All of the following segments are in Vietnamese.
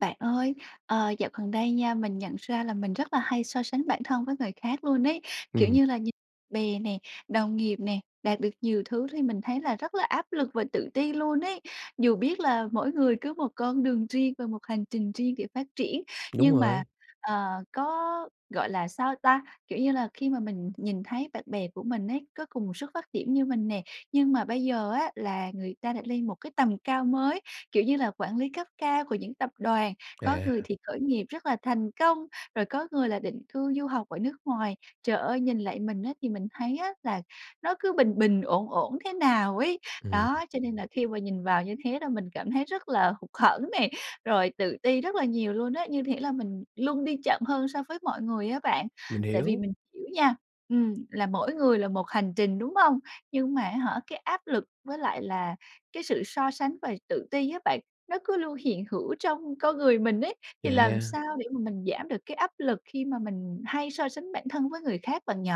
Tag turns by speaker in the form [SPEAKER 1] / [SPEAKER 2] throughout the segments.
[SPEAKER 1] Bạn ơi, ờ, dạo gần đây nha, mình nhận ra là mình rất là hay so sánh bản thân với người khác luôn ấy, kiểu
[SPEAKER 2] Ừm.
[SPEAKER 1] như là, nh bè nè, đồng nghiệp nè, đạt được nhiều thứ thì mình thấy là rất là áp lực và tự ti luôn ấy. Dù biết là mỗi người cứ một con đường riêng và một hành trình riêng để phát triển,
[SPEAKER 2] Đúng
[SPEAKER 1] nhưng mà,
[SPEAKER 2] rồi.
[SPEAKER 1] ờ, có gọi là sao ta? Kiểu như là khi mà mình nhìn thấy bạn bè của mình ấy, có cùng một xuất phát điểm như mình nè, nhưng mà bây giờ á là người ta đã lên một cái tầm cao mới, kiểu như là quản lý cấp cao của những tập đoàn, có người
[SPEAKER 2] À.
[SPEAKER 1] thì khởi nghiệp rất là thành công, rồi có người là định cư du học ở nước ngoài. Trời ơi, nhìn lại mình á, thì mình thấy á là nó cứ bình bình, ổn ổn thế nào ấy.
[SPEAKER 2] Ừm.
[SPEAKER 1] Đó, cho nên là khi mà nhìn vào như thế là mình cảm thấy rất là hụt hẫng nè, rồi tự ti rất là nhiều luôn ấy, như thể là mình luôn đi chậm hơn so với mọi người á bạn.
[SPEAKER 2] Mình
[SPEAKER 1] Tại vì
[SPEAKER 2] hiểu.
[SPEAKER 1] mình hiểu nha, ừm, là mỗi người là một hành trình, đúng hông? Nhưng mà á hả, cái áp lực với lại là cái sự so sánh và tự ti á bạn, nó cứ luôn hiện hữu trong con người mình ấy. Thì làm
[SPEAKER 2] À.
[SPEAKER 1] sao để mà mình giảm được cái áp lực khi mà mình hay so sánh bản thân với người khác bạn nhỉ?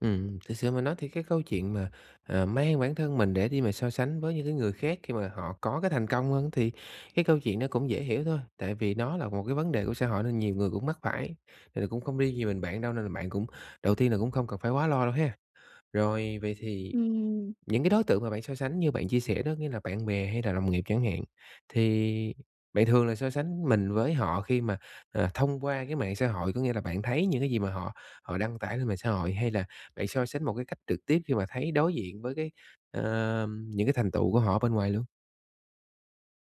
[SPEAKER 2] Ừm, thực sự mà nói thì cái câu chuyện mà, ờ, mang bản thân mình để đi mà so sánh với những cái người khác khi mà họ có cái thành công hơn, thì cái câu chuyện nó cũng dễ hiểu thôi, tại vì nó là một cái vấn đề của xã hội nên nhiều người cũng mắc phải, thì là cũng không riêng gì mình bạn đâu, nên là bạn cũng đầu tiên là cũng không cần phải quá lo đâu ha. Rồi, vậy thì
[SPEAKER 1] Ừm.
[SPEAKER 2] những cái đối tượng mà bạn so sánh như bạn chia sẻ đó, nghĩa là bạn bè hay là đồng nghiệp chẳng hạn, thì bạn thường là so sánh mình với họ khi mà, ờ, thông qua cái mạng xã hội, có nghĩa là bạn thấy những cái gì mà họ họ đăng tải lên mạng xã hội, hay là bạn so sánh một cái cách trực tiếp khi mà thấy đối diện với cái, ờm, những cái thành tựu của họ ở bên ngoài luôn?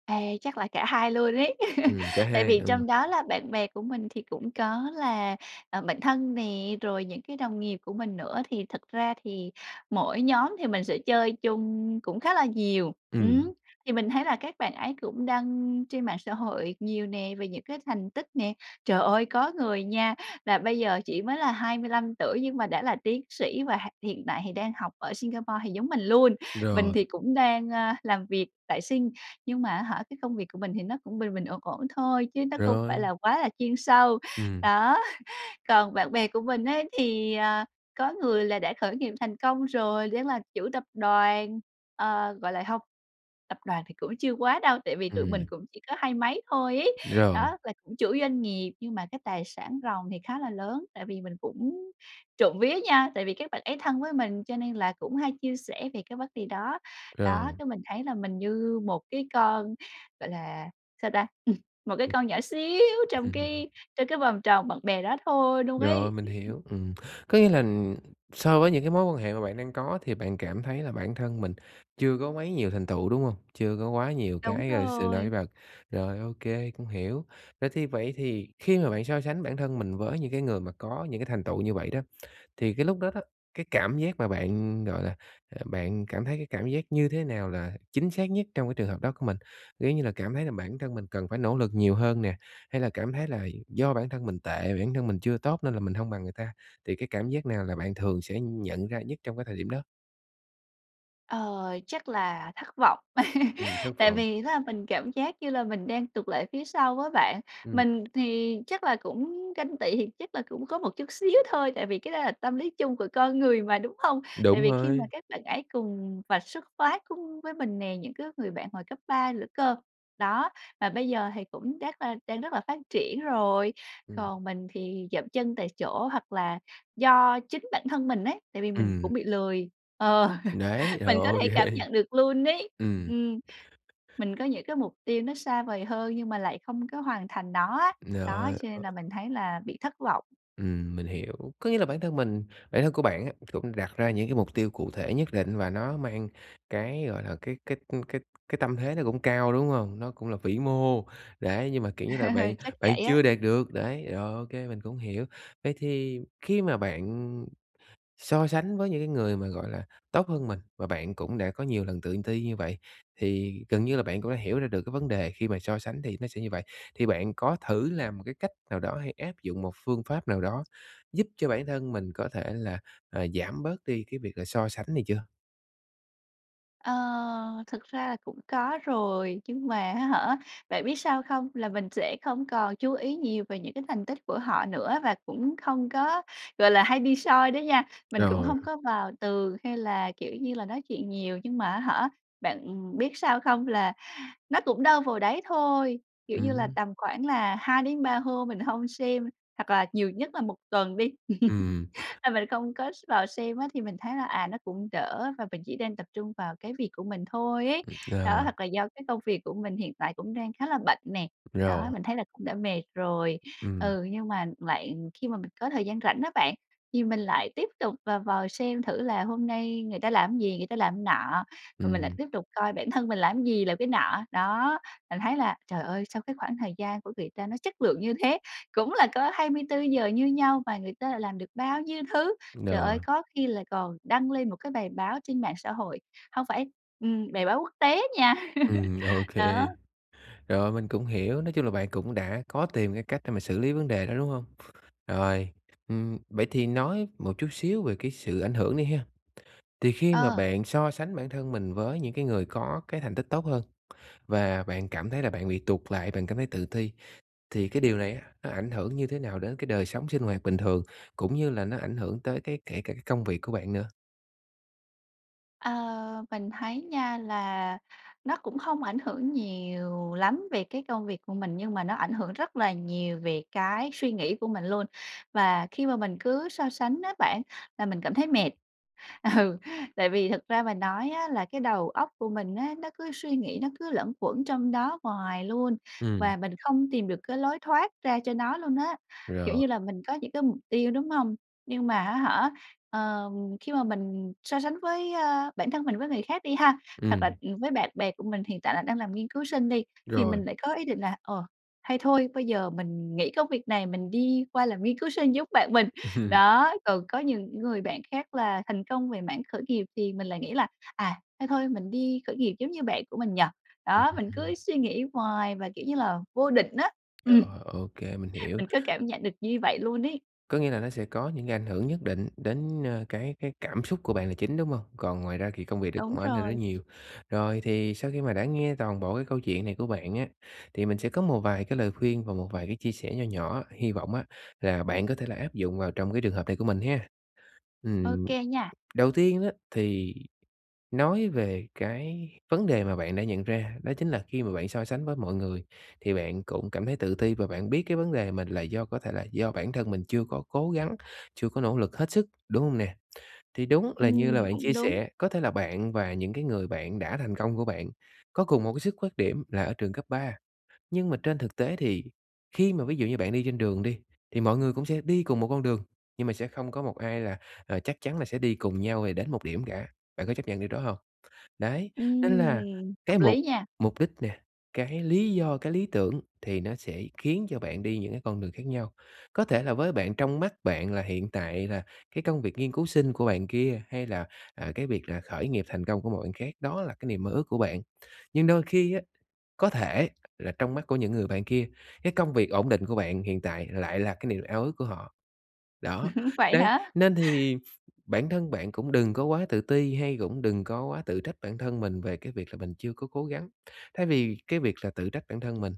[SPEAKER 1] À, chắc là cả hai luôn ấy.
[SPEAKER 2] Ừm, cả
[SPEAKER 1] Tại
[SPEAKER 2] hai,
[SPEAKER 1] vì
[SPEAKER 2] ừm.
[SPEAKER 1] trong đó là bạn bè của mình thì cũng có là, ờ, bạn thân nè, rồi những cái đồng nghiệp của mình nữa, thì thật ra thì mỗi nhóm thì mình sẽ chơi chung cũng khá là nhiều, ừm.
[SPEAKER 2] Ừm.
[SPEAKER 1] Thì mình thấy là các bạn ấy cũng đăng trên mạng xã hội nhiều nè, về những cái thành tích nè. Trời ơi, có người nha, và bây giờ chỉ mới là 25 tuổi nhưng mà đã là tiến sĩ và ha hiện tại thì đang học ở Singapore thì giống mình luôn, mình
[SPEAKER 2] Rồi.
[SPEAKER 1] thì cũng đang, ơ, làm việc tại Sing, nhưng mà á hả cái công việc của mình thì nó cũng bình bình, ổn ổn thôi chứ nó không phải
[SPEAKER 2] Rồi.
[SPEAKER 1] là quá là chuyên sâu.
[SPEAKER 2] Ừm.
[SPEAKER 1] Đó, còn bạn bè của mình ấy thì, à, có người là đã khởi nghiệp thành công rồi, đang là chủ tập đoàn, ờ, gọi là hông, tập đoàn thì cũng chưa quá đâu, tại vì tụi mình
[SPEAKER 2] Ừm.
[SPEAKER 1] cũng chỉ có hai mấy thôi ấy.
[SPEAKER 2] Rồi.
[SPEAKER 1] Đó, là cũng chủ doanh nghiệp, nhưng mà cái tài sản ròng thì khá là lớn. Tại vì mình cũng trộm vía nha, tại vì các bạn ấy thân với mình cho nên là cũng hay chia sẻ về cái vấn đề đó. Đó,
[SPEAKER 2] Rồi.
[SPEAKER 1] cái mình thấy là mình như một cái con, gọi là sao ta? Một cái
[SPEAKER 2] Ừm.
[SPEAKER 1] con nhỏ xíu trong
[SPEAKER 2] Ừm.
[SPEAKER 1] cái trong cái vòng tròn bạn bè đó thôi luôn
[SPEAKER 2] Rồi,
[SPEAKER 1] ấy.
[SPEAKER 2] mình hiểu, ừm. Có nghĩa là so với những cái mối quan hệ mà bạn đang có thì bạn cảm thấy là bản thân mình chưa có quá nhiều thành tựu, đúng hông? Chưa có quá nhiều
[SPEAKER 1] Đúng
[SPEAKER 2] cái, a, sự nổi
[SPEAKER 1] rồi.
[SPEAKER 2] bật. Rồi, ô kê, cũng hiểu. Rồi, thì vậy thì khi mà bạn so sánh bản thân mình với những cái người mà có những cái thành tựu như vậy đó, thì cái lúc đó đó, cái cảm giác mà bạn, gọi là, à, bạn cảm thấy cái cảm giác như thế nào là chính xác nhất trong cái trường hợp đó của mình? Ví như là cảm thấy là bản thân mình cần phải nỗ lực nhiều hơn nè, hay là cảm thấy là do bản thân mình tệ, bản thân mình chưa tốt nên là mình hông bằng người ta, thì cái cảm giác nào là bạn thường sẽ nhận ra nhất trong cái thời điểm đó?
[SPEAKER 1] Ờ, chắc là thất vọng.
[SPEAKER 2] Ừm, thất
[SPEAKER 1] Tại
[SPEAKER 2] vọng.
[SPEAKER 1] vì [unintelligible] mình cảm giác như là mình đang tụt lại phía sau với bạn,
[SPEAKER 2] Ừm.
[SPEAKER 1] mình thì chắc là cũng ganh tị thì chắc là cũng có một chút xíu thôi, tại vì cái đó là tâm lý chung của con người mà, đúng không? Tại
[SPEAKER 2] Đúng
[SPEAKER 1] vì khi mà
[SPEAKER 2] rồi.
[SPEAKER 1] các bạn ấy cùng và xuất phát cung với mình nè, những cái người bạn hồi cấp 3 nữa cơ. Đó, mà bây giờ thì cũng chắc là đang rất là phát triển rồi,
[SPEAKER 2] Ừm.
[SPEAKER 1] còn mình thì dậm chân tại chỗ hoặc là do chính bản thân mình ấy, tại vì mình
[SPEAKER 2] Ừm.
[SPEAKER 1] cũng bị lười. Ờ,
[SPEAKER 2] Đấy, rồi,
[SPEAKER 1] mình có
[SPEAKER 2] ô
[SPEAKER 1] thể cảm
[SPEAKER 2] kê.
[SPEAKER 1] nhận được luôn ấy,
[SPEAKER 2] Ừm.
[SPEAKER 1] ừm. Mình có những cái mục tiêu nó xa vời hơn nhưng mà lại không có hoàn thành nó á,
[SPEAKER 2] Giời
[SPEAKER 1] đó,
[SPEAKER 2] ơi,
[SPEAKER 1] cho nên
[SPEAKER 2] ơ.
[SPEAKER 1] là mình thấy là bị thất vọng.
[SPEAKER 2] Ừm, mình hiểu, có nghĩa là bản thân mình bản thân của bạn á cũng đặt ra những cái mục tiêu cụ thể nhất định và nó mang cái, gọi là, cái cái, ư, cái cái tâm thế nó cũng cao, đúng hông? Nó cũng là vĩ mô, đấy, nhưng mà, kiểu như là, bạn
[SPEAKER 1] Chắc vậy
[SPEAKER 2] bạn
[SPEAKER 1] á.
[SPEAKER 2] chưa đạt được, đấy, rồi ô kê mình cũng hiểu. Vậy thì khi mà bạn so sánh với những cái người mà, gọi là, tốt hơn mình và bạn cũng đã có nhiều lần tự ti như vậy, thì gần như là bạn cũng đã hiểu ra được cái vấn đề khi mà so sánh thì nó sẽ như vậy, thì bạn có thử làm một cái cách nào đó hay áp dụng một phương pháp nào đó giúp cho bản thân mình có thể là, ờ, giảm bớt đi cái việc là so sánh này chưa?
[SPEAKER 1] Ờ, thực ra là cũng có rồi, nhưng mà á hả, bạn biết sao không? Là mình sẽ không còn chú ý nhiều về những cái thành tích của họ nữa, và cũng không có, gọi là, hay đi soi đó nha, mình cũng
[SPEAKER 2] Rồi.
[SPEAKER 1] hông có vào tường hay là, kiểu như là, nói chuyện nhiều nhưng mà á hả, bạn biết sao không? Là nó cũng đâu vào đấy thôi, kiểu như là,
[SPEAKER 2] Ừm.
[SPEAKER 1] tầm khoảng là 2-3 hôm mình hông xem hoặc là nhiều nhất là 1 tuần đi.
[SPEAKER 2] Ừm.
[SPEAKER 1] A, mình không có s vào xem á thì mình thấy là, à, nó cũng đỡ và mình chỉ nên tập trung vào cái việc của mình thôi ấy.
[SPEAKER 2] Ừm,
[SPEAKER 1] Đó,
[SPEAKER 2] ờ.
[SPEAKER 1] hoặc là do cái công việc của mình hiện tại cũng đang khá là bận nè. Đó,
[SPEAKER 2] Rồi.
[SPEAKER 1] mình thấy là cũng đã mệt rồi.
[SPEAKER 2] Ừm.
[SPEAKER 1] Ừ, nhưng mà bạn khi mà mình có thời gian rảnh á bạn, thì mình lại tiếp tục và vào xem thử là hôm nay người ta làm cái gì, người ta làm cái nọ, rồi mình lại
[SPEAKER 2] Ừm.
[SPEAKER 1] tiếp tục coi bản thân mình làm gì, làm cái nọ. Đó, mình thấy là, trời ơi, sao cái khoảng thời gian của người ta nó chất lượng như thế, cũng là có 24 giờ như nhau mà người ta lại làm được bao nhiêu thứ. Trời ơi!
[SPEAKER 2] Rồi.
[SPEAKER 1] Có khi lại còn đăng lên một cái bài báo trên mạng xã hội hông phải, ừm, bài báo quốc tế á nha.
[SPEAKER 2] Ừm, OK.
[SPEAKER 1] Đó.
[SPEAKER 2] Rồi, mình cũng hiểu, nói chung là bạn cũng đã có tìm cái cách để mà xử lý vấn đề đó, đúng hông? Rồi, ừm, vậy thì nói một chút xíu về cái sự ảnh hưởng đi ha. Thì khi mà
[SPEAKER 1] Ờ.
[SPEAKER 2] bạn so sánh bản thân mình với những cái người có cái thành tích tốt hơn và bạn cảm thấy là bạn bị tụt lại, bạn cảm thấy tự ti, thì cái điều này á nó ảnh hưởng như thế nào đến cái đời sống sinh hoạt bình thường, cũng như là nó ảnh hưởng tới cái kể cả cái công việc của bạn nữa?
[SPEAKER 1] Ờ, mình thấy nha, là nó cũng không ảnh hưởng nhiều lắm về cái công việc của mình, nhưng mà nó ảnh hưởng rất là nhiều về cái suy nghĩ của mình luôn. Và khi mà mình cứ so sánh á bạn, là mình cảm thấy mệt. Ừ, tại vì thật ra mà nói á là cái đầu óc của mình á, nó cứ suy nghĩ, nó cứ luẩn quẩn trong đó hoài luôn
[SPEAKER 2] Ừm.
[SPEAKER 1] và mình không tìm được cái lối thoát ra cho nó luôn á. Kiểu
[SPEAKER 2] Rồi.
[SPEAKER 1] như là mình có những cái mục tiêu, đúng hông? Nhưng mà á hả, ờm, khi mà mình so sánh với ơ, bản thân mình với người khác đi ha, hoặc là,
[SPEAKER 2] Ừm.
[SPEAKER 1] ừ, với bạn bè của mình hiện tại là đang làm nghiên cứu sinh đi, thì
[SPEAKER 2] Rồi.
[SPEAKER 1] mình lại có ý định là "Ờ, hay thôi bây giờ mình nghỉ công việc này mình đi qua làm nghiên cứu sinh giống bạn mình." Đó, còn có những người bạn khác là thành công về mảng khởi nghiệp thì mình lại nghĩ là "À, thôi thôi mình đi khởi nghiệp giống như bạn của mình nhỉ?"
[SPEAKER 2] Ừ
[SPEAKER 1] Đó, mình cứ
[SPEAKER 2] [unintelligible]
[SPEAKER 1] suy nghĩ hoài và, kiểu như là, vô định á,
[SPEAKER 2] Rồi,
[SPEAKER 1] ừm,
[SPEAKER 2] ờ, ô kê, mình hiểu.
[SPEAKER 1] mình cứ cảm nhận được như vậy luôn ấy.
[SPEAKER 2] Có nghĩa là nó sẽ có những cái ảnh hưởng nhất định đến, ơ, cái cái cảm xúc của bạn là chính, đúng hông? Còn ngoài ra thì công việc
[SPEAKER 1] Đúng
[SPEAKER 2] cũng ảnh hưởng
[SPEAKER 1] rồi.
[SPEAKER 2] đến nhiều. Rồi thì sau khi mà đã nghe toàn bộ cái câu chuyện này của bạn á, thì mình sẽ có một vài cái lời khuyên và một vài cái chia sẻ nho nhỏ, hi vọng á là bạn có thể là áp dụng vào trong cái trường hợp này của mình ha!
[SPEAKER 1] Ô
[SPEAKER 2] Ừm,
[SPEAKER 1] kê nha.
[SPEAKER 2] đầu tiên á, thì nói về cái vấn đề mà bạn đã nhận ra đó chính là khi mà bạn so sánh với mọi người thì bạn cũng cảm thấy tự ti và bạn biết cái vấn đề mình là do có thể là do bản thân mình chưa có cố gắng, chưa có nỗ lực hết sức, đúng hông nè? Thì đúng là như
[SPEAKER 1] Ừm,
[SPEAKER 2] là bạn
[SPEAKER 1] cũng
[SPEAKER 2] chia
[SPEAKER 1] đúng.
[SPEAKER 2] sẻ, có thể là bạn và những cái người bạn đã thành công của bạn có cùng một cái xuất phát điểm là ở trường cấp 3. Nhưng mà trên thực tế thì khi mà ví dụ như bạn đi trên đường đi, thì mọi người cũng sẽ đi cùng một con đường, nhưng mà sẽ không có một ai là, à, chắc chắn là sẽ đi cùng nhau, ờ, đến một điểm cả, bạn có chấp nhận điều đó hông? Đấy, nên là
[SPEAKER 1] Ừm,
[SPEAKER 2] cái
[SPEAKER 1] hợp
[SPEAKER 2] mục
[SPEAKER 1] lý nha!
[SPEAKER 2] mục đích nè, cái lý do, cái lý tưởng thì nó sẽ khiến cho bạn đi những cái con đường khác nhau. Có thể là với bạn trong mắt bạn là hiện tại là cái công việc nghiên cứu sinh của bạn kia, hay là, à, cái việc là khởi nghiệp thành công của một bạn khác, đó là cái niềm mơ ước của bạn. Nhưng đôi khi á, có thể là trong mắt của những người bạn kia, cái công việc ổn định của bạn hiện tại lại là cái niềm ao ước của họ. Đó,
[SPEAKER 1] Vậy
[SPEAKER 2] đấy,
[SPEAKER 1] hả?
[SPEAKER 2] nên thì bản thân bạn cũng đừng có quá tự ti hay cũng đừng có quá tự trách bản thân mình về cái việc là mình chưa có cố gắng. Thay vì cái việc là tự trách bản thân mình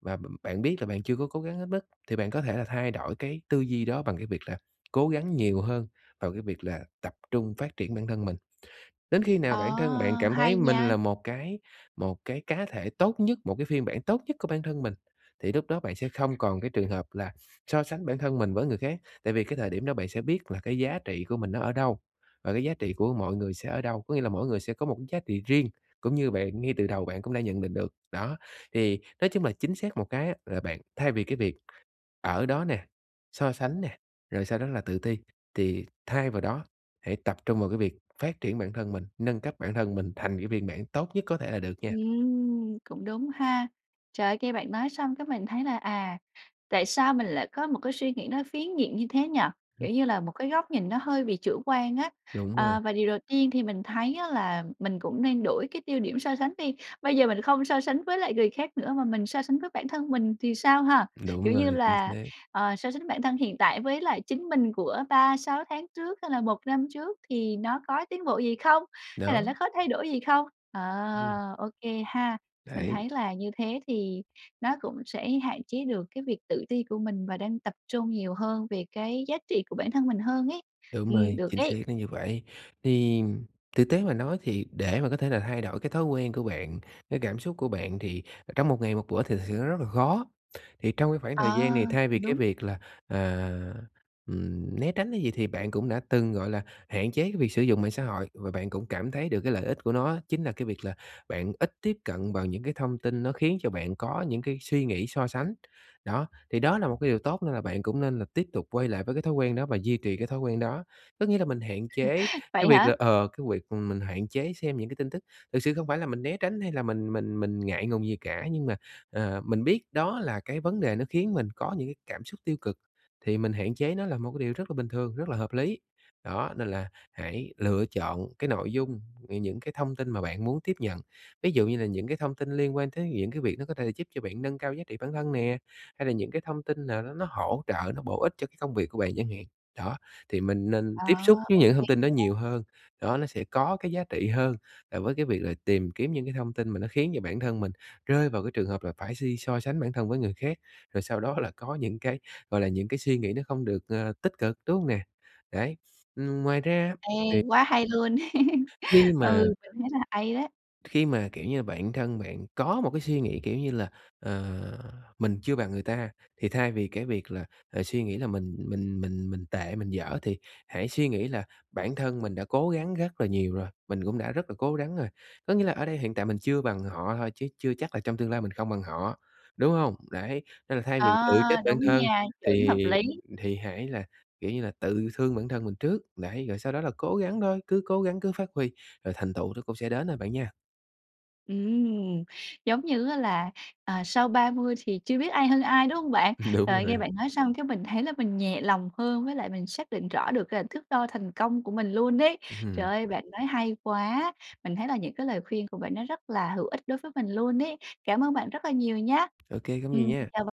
[SPEAKER 2] và b bạn biết là bạn chưa có cố gắng hết mức, thì bạn có thể là thay đổi cái tư duy đó bằng cái việc là cố gắng nhiều hơn vào cái việc là tập trung phát triển bản thân mình. Đến khi
[SPEAKER 1] Ờ,
[SPEAKER 2] nào bản thân bạn cảm thấy
[SPEAKER 1] hay
[SPEAKER 2] mình
[SPEAKER 1] nha.
[SPEAKER 2] là một cái một cái cá thể tốt nhất, một cái phiên bản tốt nhất của bản thân mình, thì lúc đó bạn sẽ không còn cái trường hợp là so sánh bản thân mình với người khác, tại vì cái thời điểm đó bạn sẽ biết là cái giá trị của mình nó ở đâu và cái giá trị của mọi người sẽ ở đâu, có nghĩa là mỗi người sẽ có một cái giá trị riêng, cũng như bạn, ngay từ đầu bạn cũng đã nhận định được. Đó, thì nói chung là chính xác một cái á, là bạn thay vì cái việc ở đó nè, so sánh nè, rồi sau đó là tự ti, thì thay vào đó hãy tập trung vào cái việc phát triển bản thân mình, nâng cấp bản thân mình thành cái phiên bản tốt nhất có thể là được nha.
[SPEAKER 1] Ừm, cũng đúng ha. Trời, nghe bạn nói xong cái mình thấy là, à, tại sao mình lại có một cái suy nghĩ nó phiến diện như thế nhỉ,
[SPEAKER 2] Ừ.
[SPEAKER 1] kiểu như là một cái góc nhìn nó hơi bị chủ quan á.
[SPEAKER 2] Đúng rồi.
[SPEAKER 1] Ờ, và điều đầu tiên thì mình thấy á là mình cũng nên đổi cái tiêu điểm so sánh đi, bây giờ mình không so sánh với lại người khác nữa mà mình so sánh với bản thân mình thì sao ha?
[SPEAKER 2] Đúng
[SPEAKER 1] Kiểu như
[SPEAKER 2] rồi, chính
[SPEAKER 1] là,
[SPEAKER 2] xác.
[SPEAKER 1] ờ, so sánh bản thân hiện tại với lại chính mình của 3-6 tháng trước hay là 1 năm trước thì nó có tiến bộ gì không? Hay là
[SPEAKER 2] Đó.
[SPEAKER 1] nó có thay đổi gì không? Ờ,
[SPEAKER 2] Ừm.
[SPEAKER 1] ô kê ha. Mình
[SPEAKER 2] Đấy.
[SPEAKER 1] thấy là như thế thì nó cũng sẽ hạn chế được cái việc tự ti của mình và đang tập trung nhiều hơn về cái giá trị của bản thân mình hơn ấy.
[SPEAKER 2] Đúng
[SPEAKER 1] Ừm,
[SPEAKER 2] rồi,
[SPEAKER 1] được
[SPEAKER 2] chính xác
[SPEAKER 1] đấy.
[SPEAKER 2] là như vậy. Thì thực tế mà nói thì để mà có thể là thay đổi cái thói quen của bạn, cái cảm xúc của bạn thì, ờ, trong một ngày một bữa thì thực sự nó rất là khó. Thì trong cái khoảng thời
[SPEAKER 1] À,
[SPEAKER 2] gian này thay vì cái
[SPEAKER 1] đúng.
[SPEAKER 2] việc là, à, ừm, né tránh cái gì thì bạn cũng đã từng, gọi là, hạn chế cái việc sử dụng mạng xã hội và bạn cũng cảm thấy được cái lợi ích của nó á, chính là cái việc là bạn ít tiếp cận vào những cái thông tin nó khiến cho bạn có những cái suy nghĩ so sánh. Đó, thì đó là một cái điều tốt nên là bạn cũng nên là tiếp tục quay lại với cái thói quen đó và duy trì cái thói quen đó. Có nghĩa là mình hạn chế cái
[SPEAKER 1] Vậy
[SPEAKER 2] việc
[SPEAKER 1] hả?
[SPEAKER 2] là, ờ, cái việc, ừm, mình hạn chế xem những cái tin tức, thực sự không phải là mình né tránh hay là mình mình mình ngại ngùng gì cả, nhưng mà, ờ, mình biết đó là cái vấn đề nó khiến mình có những cái cảm xúc tiêu cực, thì mình hạn chế nó là một cái điều rất là bình thường, rất là hợp lý. Đó, nên là hãy lựa chọn cái nội dung, ừ, những cái thông tin mà bạn muốn tiếp nhận, ví dụ như là những cái thông tin liên quan tới những cái việc nó có thể là giúp cho bạn nâng cao giá trị bản thân nè, hay là những cái thông tin nào đó nó hỗ trợ, nó bổ ích cho cái công việc của bạn chẳng hạn. Đó, thì mình nên
[SPEAKER 1] À,
[SPEAKER 2] tiếp xúc với
[SPEAKER 1] ô
[SPEAKER 2] những
[SPEAKER 1] kê
[SPEAKER 2] thông tin đó nhiều
[SPEAKER 1] nha.
[SPEAKER 2] hơn, đó, nó sẽ có cái giá trị hơn là với cái việc là tìm kiếm những cái thông tin mà nó khiến cho bản thân mình rơi vào cái trường hợp là phải si so sánh bản thân với người khác, rồi sau đó là có những cái, gọi là, những cái suy nghĩ nó không được, ờ, tích cực, đúng không nè? Đấy, ừm, ngoài ra á
[SPEAKER 1] Ê,
[SPEAKER 2] thì
[SPEAKER 1] quá hay luôn!
[SPEAKER 2] khi mà
[SPEAKER 1] Ừ, mình thấy là hay đấy.
[SPEAKER 2] Khi mà, kiểu như, bản thân bạn có một cái suy nghĩ, kiểu như là, ờ, mình chưa bằng người ta, thì thay vì cái việc là, ờ, suy nghĩ là mình mình mình mình tệ, mình dở thì hãy suy nghĩ là bản thân mình đã cố gắng rất là nhiều rồi, mình cũng đã rất là cố gắng rồi. Có nghĩa là ở đây hiện tại mình chưa bằng họ thôi, chứ chưa chắc là trong tương lai mình không bằng họ, đúng hông? Đấy, nên là thay
[SPEAKER 1] Ờ,
[SPEAKER 2] vì tự trách bản
[SPEAKER 1] đúng
[SPEAKER 2] thân
[SPEAKER 1] nha, chuẩn
[SPEAKER 2] thì
[SPEAKER 1] hợp lý.
[SPEAKER 2] thì hãy là, kiểu như là, tự thương bản thân mình trước, đấy, rồi sau đó là cố gắng thôi, cứ cố gắng cứ phát huy, rồi thành tựu nó cũng sẽ đến thôi bạn nha.
[SPEAKER 1] Ừm, giống như á là, ờ, sau 30 thì chưa biết ai hơn ai, đúng hông bạn?
[SPEAKER 2] Đúng
[SPEAKER 1] Trời, nghe
[SPEAKER 2] rồi.
[SPEAKER 1] bạn nói xong cái mình thấy là mình nhẹ lòng hơn với lại mình xác định rõ được c thước đo thành công của mình luôn ấy. Trời
[SPEAKER 2] Hừm.
[SPEAKER 1] ơi, bạn nói hay quá! Mình thấy là những cái lời khuyên của bạn nó rất là hữu ích đối với mình luôn ấy. Cảm ơn bạn rất là nhiều nhá!
[SPEAKER 2] Ô kê, không có gì
[SPEAKER 1] Ừm,
[SPEAKER 2] nha!
[SPEAKER 1] chào b